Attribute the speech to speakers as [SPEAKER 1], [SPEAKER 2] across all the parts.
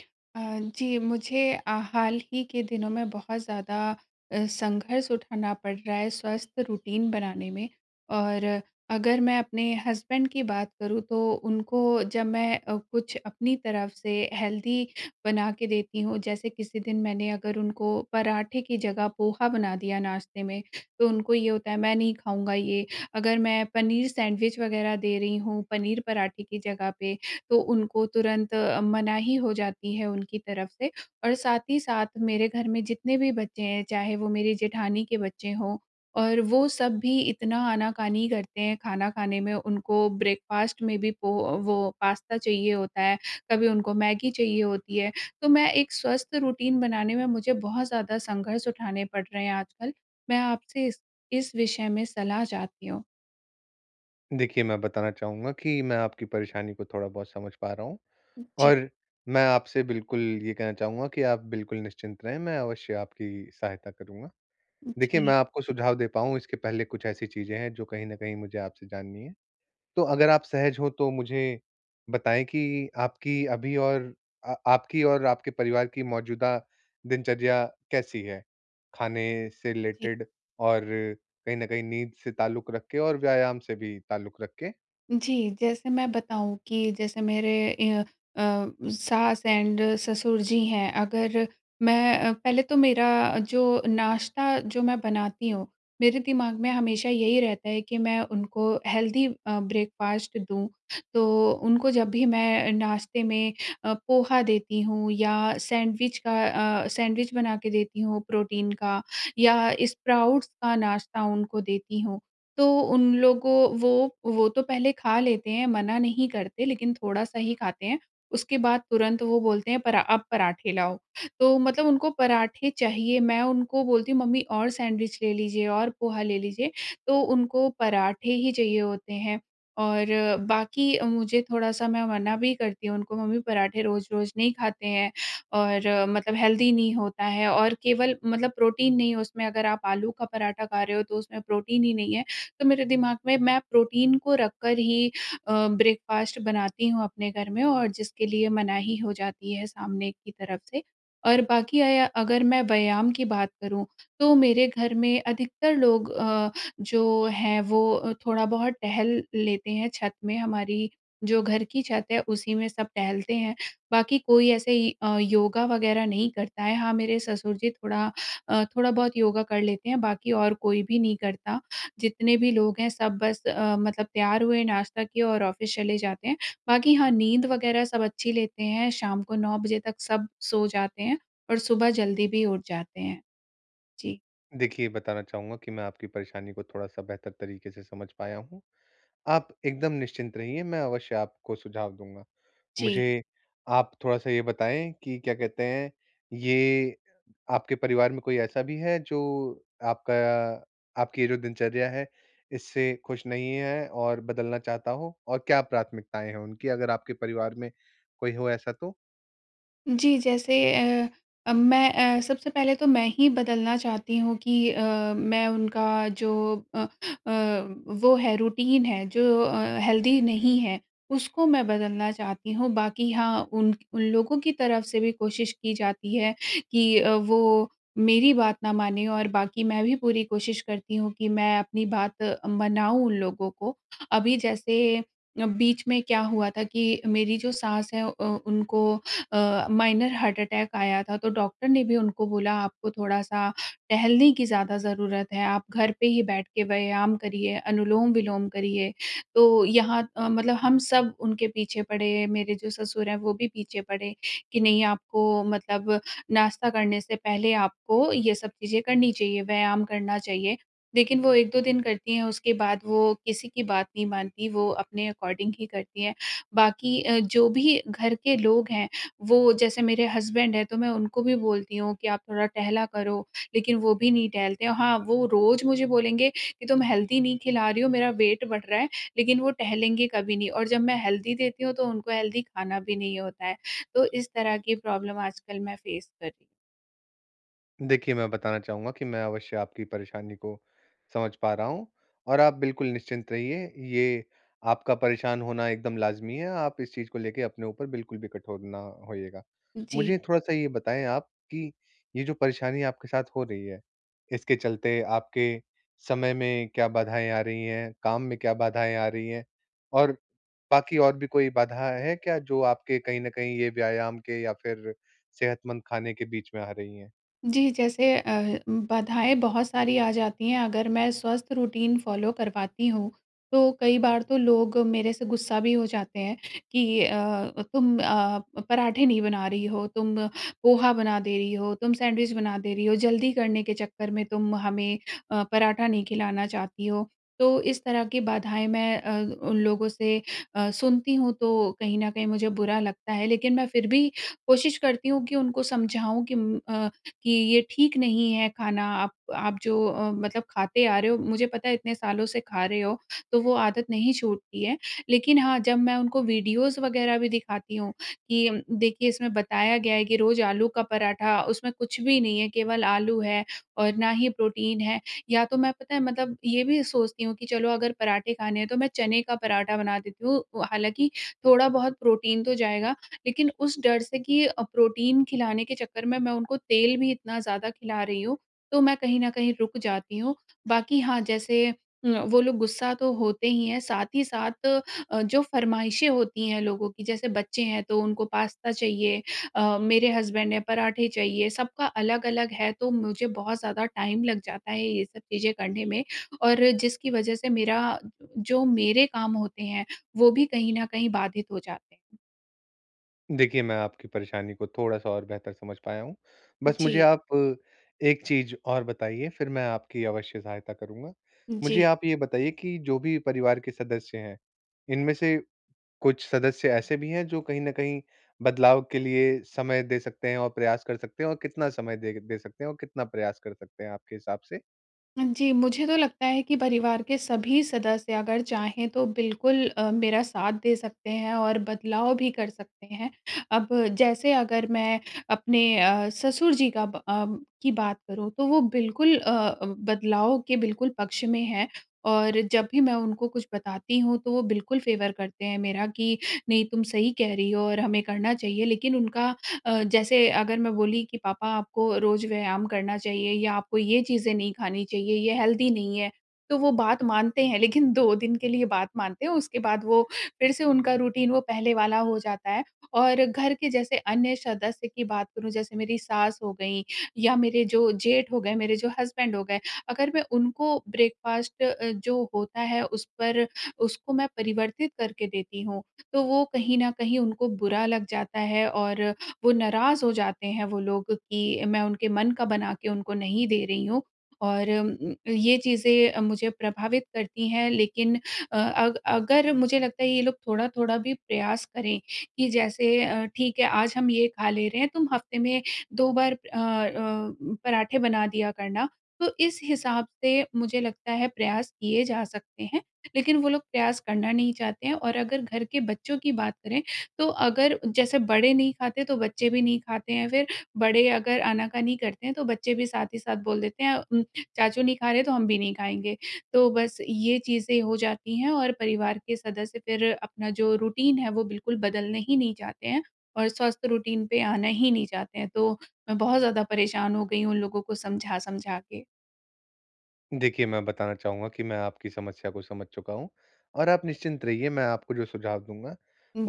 [SPEAKER 1] अ, जी मुझे अ, हाल ही के दिनों में बहुत ज़्यादा अ, संघर्ष उठाना पड़ रहा है स्वस्थ रूटीन बनाने में। और अगर मैं अपने हस्बैंड की बात करूँ तो उनको जब मैं अ, कुछ अपनी तरफ़ से हेल्दी बना के देती हूँ। जैसे किसी दिन मैंने अगर उनको पराठे की जगह पोहा बना दिया नाश्ते में, तो उनको ये होता है मैं नहीं खाऊँगा ये। अगर मैं पनीर सैंडविच वग़ैरह दे रही हूँ, पनीर पराठे की जगह पे तो उनको तुरंत मनाही हो जाती है उनकी तरफ़ से। और साथ ही साथ मेरे घर में जितने भी बच्चे हैं चाहे वो मेरे जेठानी के बच्चे हों और वो सब भी इतना आना-कानी करते हैं खाना खाने में। उनको ब्रेकफास्ट में भी पो वो पास्ता चाहिए होता है, कभी उनको मैगी चाहिए होती है। तो मैं एक स्वस्थ रूटीन बनाने में मुझे बहुत ज़्यादा संघर्ष उठाने पड़ रहे हैं आजकल। मैं आपसे इस इस विषय में सलाह चाहती हूँ।
[SPEAKER 2] देखिए, मैं बताना चाहूँगा कि मैं आपकी परेशानी को थोड़ा-बहुत समझ पा रहा हूँ।
[SPEAKER 1] जी।
[SPEAKER 2] और मैं आपसे बिल्कुल ये कहना चाहूँगा कि आप बिल्कुल निश्चिंत रहें मैं अवश्य आपकी सहायता करूँगा। देखिए
[SPEAKER 1] जी।
[SPEAKER 2] मैं आपको सुझाव दे पाऊँ, इसके पहले कुछ ऐसी चीज़ें हैं जो कहीं न कहीं मुझे आपसे जाननी हैं। तो अगर आप सहज हो तो मुझे बताएँ कि आपकी अभी और अ, आपकी और आपके परिवार की मौजूदा दिनचर्या कैसी है? खाने से
[SPEAKER 1] जी।
[SPEAKER 2] रिलेटेड और कहीं न कहीं नींद से ताल्लुक रख के और व्यायाम से भी ताल्लुक रख के?
[SPEAKER 1] जी जैसे मैं बताऊँ कि जैसे मेरे ई अ, सास, एंड ससुर जी हैं अगर मैं पहले तो मेरा जो नाश्ता जो मैं बनाती हूँ मेरे दिमाग में हमेशा यही रहता है कि मैं उनको हेल्दी अ, ब्रेकफ़ास्ट दूँ। तो उनको जब भी मैं नाश्ते में अ, पोहा देती हूँ या सैंडविच का अ, सैंडविच बना के देती हूँ प्रोटीन का या स्प्राउट्स का नाश्ता उनको देती हूँ तो उन लोगों वो वो तो पहले खा लेते हैं मना नहीं करते लेकिन थोड़ा सा ही खाते हैं उसके बाद तुरंत वो बोलते हैं परा अब पराठे लाओ। तो मतलब उनको पराठे चाहिए। मैं उनको बोलती हूँ, "मम्मी और सैंडविच ले लीजिए और पोहा ले लीजिए।" तो उनको पराठे ही चाहिए होते हैं। और बाकी मुझे थोड़ा सा मैं मना भी करती हूँ उनको मम्मी पराठे रोज़-रोज़ नहीं खाते हैं और मतलब हेल्दी नहीं होता है और केवल मतलब प्रोटीन नहीं उसमें अगर आप आलू का पराठा खा रहे हो तो उसमें प्रोटीन ही नहीं है। तो मेरे दिमाग में मैं प्रोटीन को रख कर ही अ, ब्रेकफ़ास्ट बनाती हूँ अपने घर में और जिसके लिए मनाही हो जाती है सामने की तरफ़ से। और बाकी अया अगर मैं व्यायाम की बात करूँ तो मेरे घर में अधिकतर लोग अ, जो हैं वो थोड़ा बहुत टहल लेते हैं छत में। हमारी जो घर की छत है, उसी में सब टहलते हैं बाकी कोई ऐसे अ, योगा वग़ेेरह नहीं करता है। हाँ मेरे ससुर जी थोड़ा अ, थोड़ा बहुत योगा कर लेते हैं बाकी और कोई भी नहीं करता। जितने भी लोग हैं सब बस अ, मतलब तैयार हुए, नाश्ता किए और ऑफ़िस चले जाते हैं। बाकी हाँ नींद वग़ेेरह सब अच्छी लेते हैं। शाम को 9 बजे तक सब सो जाते हैं और सुबह जल्दी भी उठ जाते हैं। जी।
[SPEAKER 2] देखिए, बताना चाहूँगा कि मैं आपकी परेशानी को थोड़ा-सा बेहतर तरीक़े से समझ पाया हूँ। आप एकदम निश्चिंत रहिए, मैं अवश्य आपको सुझाव दूँगा।
[SPEAKER 1] जी।
[SPEAKER 2] मुझे आप थोड़ा-सा ये बताएँ कि क्या कहते हैं ये आपके परिवार में कोई ऐसा भी है जो आपका आपकी ये जो दिनचर्या है इससे ख़ुश नहीं है और बदलना चाहता हो और क्या प्राथमिकताएँ हैं उनकी अगर आपके परिवार में कोई हो ऐसा तो?
[SPEAKER 1] जी। जैसे अ अ, मैं अ, सबसे पहले तो मैं ही बदलना चाहती हूँ कि अ, मैं उनका जो अ अ, वो है रूटीन है जो अ, हेल्दी नहीं है उसको मैं बदलना चाहती हूँ। बाक़ी हाँ उन उन लोगों की तरफ़ से भी कोशिश की जाती है कि अ, वो मेरी बात ना मानें और बाक़ी मैं भी पूरी कोशिश करती हूँ कि मैं अपनी बात मनाऊँ उन लोगों को। अभी जैसे अ, बीच में क्या हुआ था कि मेरी जो सास है अ, उनको अ, माइनर हार्ट अटैक आया था। तो डॉक्टर ने भी उनको बोला आपको थोड़ा-सा टहलने की ज़्यादा ज़रूरत है, आप घर पे ही बैठ के व्यायाम करिए, अनुलोम-विलोम करिए। तो यहाँ अ, मतलब हम सब उनके पीछे पड़े, मेरे जो ससुर हैं वो भी पीछे पड़े, कि नहीं आपको मतलब नाश्ता करने से पहले आपको ये सब चीज़ें करनी चाहिए, व्यायाम करना चाहिए। लेकिन वो 1-2 दिन करती हैं, उसके बाद वो किसी की बात नहीं मानती, वो अपने अकॉर्डिंग ही करतीं है। बाक़ी अ, जो भी घर के लोग हैं वो जैसे मेरे हस्बैंड हैं तो मैं उनको भी बोलती हूँ कि आप थोड़ा टहला करो लेकिन वो भी नहीं टहलते हैं। हाँ वो रोज़ मुझे बोलेंगे कि तुम हेल्दी नहीं खिला रही हो, मेरा वेट बढ़ रहा है लेकिन वो टहलेंगे कभी नहीं और जब मैं हेल्दी देती हूँ तो उनको हेल्दी खाना भी नहीं होता है। तो इस तरह की प्रॉब्लम आजकल मैं फ़ेस कर रही
[SPEAKER 2] देखिए, मैं बताना चाहूँगा कि मैं अवश्य आपकी परेशानी को समझ पा रहा हूँ और आप बिल्कुल निश्चिंत रहिए, ये आपका परेशान होना एकदम लाज़मी है, आप इस चीज़ को लेके अपने ऊपर बिल्कुल भी कठोर न होइएगा।
[SPEAKER 1] जी।
[SPEAKER 2] मुझे थोड़ा-सा ये बताएँ आप कि ये जो परेशानी आपके साथ हो रही है, इसके चलते आपके समय में क्या बाधाएँ आ रही हैं, काम में क्या बाधाएँ आ रही हैं और बाकी और भी कोई बाधा है क्या, जो आपके कहीं न कहीं ये व्यायाम के या फिर सेहतमंद खाने के बीच में आ रही हैं?
[SPEAKER 1] जी, जैसे अ, बाधाएँ बहुत सारी आ जाती हैं, अगर मैं स्वस्थ रूटीन फ़ॉलो करवाती हूँ, तो कई बार तो लोग मेरे से गुस्सा भी हो जाते हैं कि अ, "तुम अ, पराठे नहीं बना रही हो, तुम पोहा बना दे रही हो, तुम सैंडविच बना दे रही हो। जल्दी करने के चक्कर में तुम हमें अ, पराठा नहीं खिलाना चाहती हो।" तो इस तरह की बाधाएँ मैं अ, उन लोगों से अ, सुनती हूँ, तो कहीं न कहीं मुझे बुरा लगता है, लेकिन मैं फिर भी कोशिश करती हूँ कि उनको समझाऊँ कि उम, अ, कि, "ये ठीक नहीं है खाना, आप आप जो अ, मतलब खाते आ रहे हो, मुझे पता है, इतने सालों से खा रहे हो, तो वो आदत नहीं छूटती है।" लेकिन हाँ, जब मैं उनको वीडियोज़ वग़ैरह भी दिखाती हूँ कि, "देखिए, इसमें बताया गया है कि रोज़ आलू का पराठा, उसमें कुछ भी नहीं है, केवल आलू है और ना ही प्रोटीन है।" या तो मैं, पता है, मतलब ये भी सोचती हूँ कि चलो, अगर पराठे खाने हैं, तो मैं चने का पराठा बना देती हूँ। हालाँकि थोड़ा बहुत प्रोटीन तो जाएगा, लेकिन उस डर से कि अ, प्रोटीन खिलाने के चक्कर में मैं उनको तेल भी इतना ज़्यादा खिला रही हूँ, तो मैं कहीं न कहीं रुक जाती हूँ। बाकी, हाँ, जैसे न वो लोग गुस्सा तो होते ही हैं, साथ ही साथ अ, जो फ़रमाइशें होती हैं लोगों की, जैसे बच्चे हैं, तो उनको पास्ता चाहिए अ, मेरे हसबैंड हैं, पराठे चाहिए। सबका अलग-अलग है, तो मुझे बहुत ज़्यादा टाइम लग जाता है ये सब चीज़ें करने में और जिसकी वज़ह से मेरा जो मेरे काम होते हैं, वो भी कहीं न कहीं बाधित हो जाते हैं।
[SPEAKER 2] देखिए, मैं आपकी परेशानी को थोड़ा-सा और बेहतर समझ पाया हूँ। बस मुझे
[SPEAKER 1] जी।
[SPEAKER 2] आप एक चीज़ और बताइए, फिर मैं आपकी अवश्य सहायता करूँगा। मुझे
[SPEAKER 1] जी।
[SPEAKER 2] आप ये बताइए कि जो भी परिवार के सदस्य हैं, इनमें से कुछ सदस्य ऐसे भी हैं जो कहीं न कहीं बदलाव के लिए समय दे सकते हैं और प्रयास कर सकते हैं और कितना समय दे दे सकते हैं? और कितना प्रयास कर सकते हैं आपके हिसाब से?
[SPEAKER 1] जी, मुझे तो लगता है कि परिवार के सभी सदस्य अगर चाहें तो बिल्कुल अ, मेरा साथ दे सकते हैं और बदलाव भी कर सकते हैं। अब जैसे अगर मैं अपने अ, ससुर जी का ब अ, की बात करूँ तो वो बिल्कुल अ, बदलाव के बिल्कुल पक्ष में हैं और जब भी मैं उनको कुछ बताती हूँ तो वो बिल्कुल फेवर करते हैं मेरा कि, "नहीं तुम सही कह रही हो और हमें करना चाहिए।" लेकिन उनका अ, जैसे अगर मैं बोली कि, "पापा आपको रोज़ व्यायाम करना चाहिए या आपको ये चीज़ें नहीं खानी चाहिए, ये हेल्दी नहीं हैं।" तो वो बात मानते हैं, लेकिन 2 दिन के लिए बात मानते हैं उसके बाद वो फिर से उनका रूटीन वो पहले वाला हो जाता है। और घर के जैसे अन्य सदस्य की बात करूँ जैसे मेरी सास हो गईं या मेरे जो जेठ हो गए, मेरे जो हस्बैंड हो गए अगर मैं उनको ब्रेकफास्ट जो होता है उस पर उसको मैं परिवर्तित करके देती हूँ, तो वो कहीं न कहीं उनको बुरा लग जाता है और वो नाराज़ हो जाते हैं, वो लोग कि मैं उनके मन का बना के उनको नहीं दे रही हूँ। और ये चीज़ें अ, मुझे प्रभावित करती हैं लेकिन अ अ, अगर मुझे लगता है ये लोग थोड़ा-थोड़ा भी प्रयास करें कि जैसे अ, ठीक है आज हम ये खा ले रहे हैं तुम हफ्ते में 2 बार अ अ, पराठें बना दिया करना। तो इस हिसाब से मुझे लगता है प्रयास किए जा सकते हैं, लेकिन वो लोग प्रयास करना नहीं चाहते हैं। और अगर घर के बच्चों की बात करें तो अगर जैसे बड़े नहीं खाते तो बच्चे भी नहीं खाते हैं फिर बड़े अगर आना-कानी करते हैं, तो बच्चे भी साथ ही साथ बोल देते हैं उम, चाचू नहीं खा रहे हैं तो हम भी नहीं खाएँगे तो बस ये चीज़ें हो जाती हैं और परिवार के सदस्य फिर अपना जो रूटीन है वो बिल्कुल बदलना ही नहीं चाहते हैं और स्वस्थ रूटीन पे आना ही नहीं चाहते हैं। तो मैं बहुत ज़्यादा परेशान हो गई हूँ उन लोगों को समझा-समझा के।
[SPEAKER 2] देखिए, मैं बताना चाहूँगा कि मैं आपकी समस्या को समझ चुका हूँ और आप निश्चिंत रहिए, मैं आपको जो सुझाव दूँगा,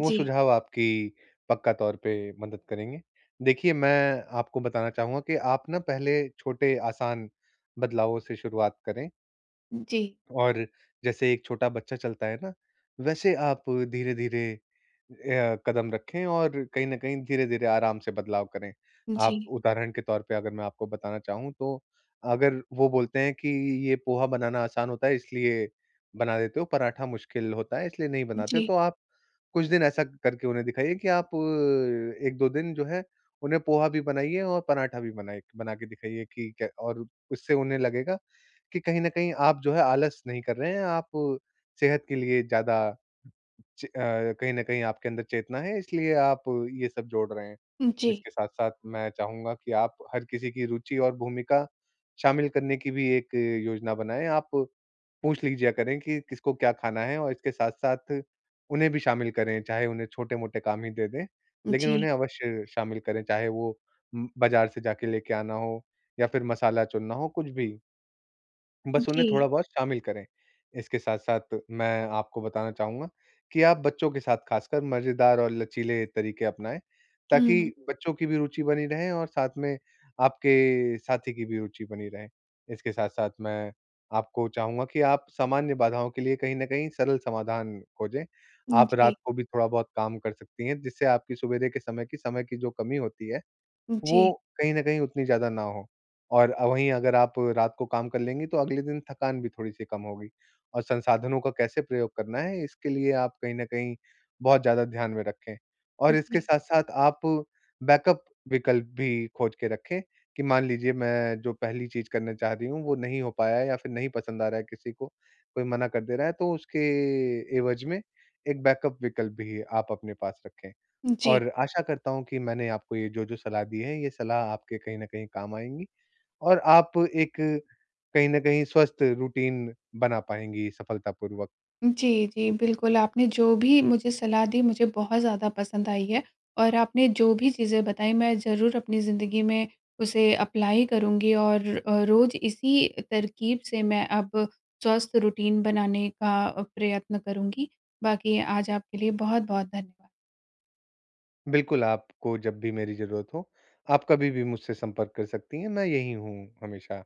[SPEAKER 2] वो सुझाव आपकी पक्का तौर पे मदद करेंगे। देखिए, मैं आपको बताना चाहूँगा कि आप ना पहले छोटे, आसान बदलावों से शुरुआत करें।
[SPEAKER 1] जी।
[SPEAKER 2] और जैसे एक छोटा बच्चा चलता है ना, वैसे आप धीरे-धीरे अ, कदम रखें और कहीं न कहीं, धीरे-धीरे, आराम से बदलाव करें। आप
[SPEAKER 1] जी।
[SPEAKER 2] उदाहरण के तौर पे अगर मैं आपको बताना चाहूँ, तो अगर वो बोलते हैं कि, "ये पोहा बनाना आसान होता है इसलिए बना देते हो, पराठा मुश्किल होता है इसलिए नहीं बनाते हो।"
[SPEAKER 1] जी।
[SPEAKER 2] तो आप कुछ दिन ऐसा करके उन्हें दिखाइए कि आप 1-2 दिन जो है, उन्हें पोहा भी बनाइए और पराठा भी बनाइ बना के दिखाइए कि क्य और उससे उन्हें लगेगा कि कहीं न कहीं आप जो है, आलस नहीं कर रहे हैं, आप सेहत के लिए ज़्यादा च अ, कहीं न कहीं आपके अंदर चेतना है, इसलिए आप ये सब जोड़ रहे हैं।
[SPEAKER 1] जी।
[SPEAKER 2] इसके साथ-साथ मैं चाहूँगा कि आप हर किसी की रुचि और भूमिका शामिल करने की भी एक योजना बनाएँ। आप पूछ लीजिआ करें कि किसको क्या खाना है और इसके साथ-साथ उन्हें भी शामिल करें, चाहे उन्हें छोटे-मोटे काम ही दे दें, लेकिन
[SPEAKER 1] जी।
[SPEAKER 2] उन्हें अवश्य शामिल करें, चाहे वो उम, बाज़ार से जाके लेके आना हो या फिर मसाला चुनना हो, कुछ भी। बस उन्हें थोड़ा
[SPEAKER 1] जी।
[SPEAKER 2] बहुत शामिल करें। इसके साथ-साथ मैं आपको बताना चाहूँगा कि आप बच्चों के साथ, खासकर, मज़ेदार और लचीले तरीके अपनाएँ,
[SPEAKER 1] हुँ।
[SPEAKER 2] ताकि बच्चों की भी रुचि बनी रहे और साथ में आपके साथी की भी रुचि बनी रहे। इसके साथ-साथ मैं आपको चाहूँगा कि आप सामान्य बाधाओं के लिए कहीं न कहीं सरल समाधान खोजें,
[SPEAKER 1] उम,
[SPEAKER 2] आप रात
[SPEAKER 1] जी।
[SPEAKER 2] को भी थोड़ा बहुत काम कर सकती हैं, जिससे आपकी सुविधा के समय की समय की जो कमी होती है,
[SPEAKER 1] जी।
[SPEAKER 2] वो कहीं न कहीं उतनी ज़्यादा ना हो। और वहीं अगर आप रात को काम कर लेंगी, तो अगले दिन थकान भी थोड़ी-सी कम होगी और संसाधनों का कैसे प्रयोग करना है, इसके लिए आप कहीं न कहीं बहुत ज़्यादा ध्यान में रखें, और इसके
[SPEAKER 1] जी।
[SPEAKER 2] साथ-साथ आप बैकअप विकल्प भी खोज के रखें कि, "मान लीजिए, मैं जो पहली चीज़ करने चाह रही हूँ, वो नहीं हो पाया है या फिर नहीं पसंद आ रहा है किसी को, कोई मना कर दे रहा है।" तो उसके एवज में एक बैकअप विकल्प भी आप अपने पास रखें,
[SPEAKER 1] जी।
[SPEAKER 2] और आशा करता हूँ कि मैंने आपको ये जो-जो सलाह दी है, ये सलाह आपके कहीं न कहीं काम आएँगी और आप एक कहीं न कहीं स्वस्थ रूटीन बना पाएँगी सफलतापूर्वक।
[SPEAKER 1] उम, जी, जी। बिल्कुल, आपने जो भी मुझे सलाह दी, मुझे बहुत ज़्यादा पसंद आई है और आपने जो भी चीज़ें बताईं, मैं ज़रूर अपनी ज़िंदगी में उसे अप्लाय करूँगी और अ, रोज़ इसी तरकीब से मैं अब स्वस्थ रूटीन बनाने का प्रयत्न करूँगी। बाकी आज आपके लिए बहुत-बहुत धन्यवाद।
[SPEAKER 2] बिल्कुल, आपको जब भी मेरी ज़रूरत हो, आप कभी भी मुझसे संपर्क कर सकती हैं। मैं यही हूँ हमेशा।